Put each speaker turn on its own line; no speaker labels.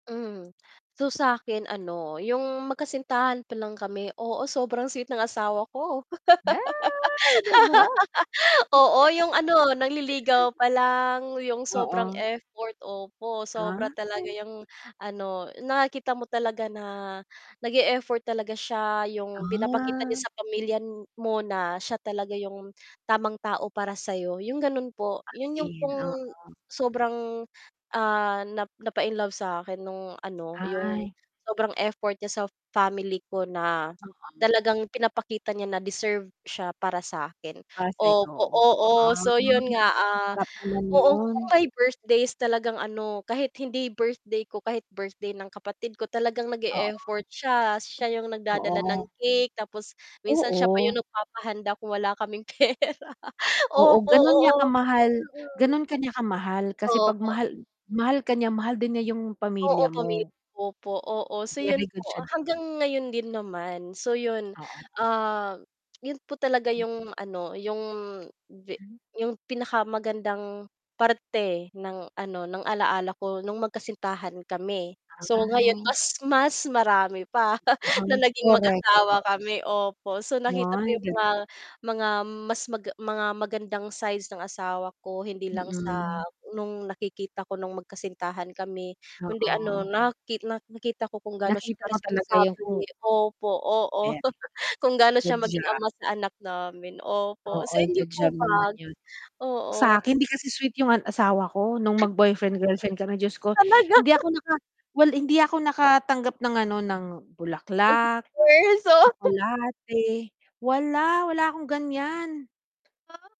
Hmm, so sa'kin ano yung magkasintahan pa lang kami, oo sobrang sweet ng asawa ko.
Ay, 'di ba!
Oo yung ano, nangliligaw pa lang, yung sobrang
Oo.
effort, opo sobra talaga
Okey.
yung ano, nakikita mo talaga na nag-e-effort talaga siya. Yung pinapakita
Ah.
niya sa pamilya mo na siya talaga yung tamang tao para sa'yo, yung gano'n po.
As
'Yon yung
in,
pong
oo.
sobrang, ah, na napa-inlove sa'kin nung ano, yung
Ay.
sobrang, effort niya sa family ko na
Oo.
talagang pinapakita niya na deserve siya para sa'kin,
Para sa'yo.
opo, oo.
Ah,
So, 'yon nga, ah,
sarap naman
oo
no'n.
kung may birthdays talagang ano, kahit hindi birthday ko- kahit birthday ng kapatid ko- talagang
Oo.
nag-e-effort siya. Siya yung nagdadala ng
Oo.
cake, tapos minsan siya pa
Oo.
yung nagpapahanda kung wala kaming pera
Oo,
opo,
gano'n niya
oo.
kamahal
Mm.
gano'n ka niya kamahal kasi 'pag
Opo.
mahal mahal ka niya- mahal din niya yung pamilya
Oo, pamilya
mo.
ko po, oo. So 'yon
Very good
po,
siya dun.
hanggang ngayon din naman. So, 'yon,
Oo.
ah, 'yon po talaga
Mm.
yung ano yung ve
Hmm.
yung pinakamagandang parte ng ano, ng alala ko nung magkasintahan kami. So, ngayon
Ay.
mas mas marami pa na
Oo,
naging
correct totoo.
mag-asawa kami, opo. So, nakita ko
Ay,
yung
gano'n.
mga mga mas mag mga magandang sides ng asawa ko hindi lang sa
Mm.
nung nakikita ko nung magkasintahan kami, kundi ano
Oo.
naki nakita ko kung gaano siya
Nakita
ka
mo talaga yung
responsable,
mm.
opo, oo
[unintelligible]
kung gaano siya
Good
maging
job.
ama sa anak namin, opo.
Oo,
Sa inyo
good
po
job naman
ba?
'yon.
Oo.
Sa akin, hindi kasi sweet yung asawa ko nung mag-boyfriend-girlfriend kami Diyos ko.
Talaga?
Hindi ako naka well hindi ako nakatanggap ng ano ng bulaklak,
[unintelligible]
tsokolate wala, wala akong gan'yan.
Oh.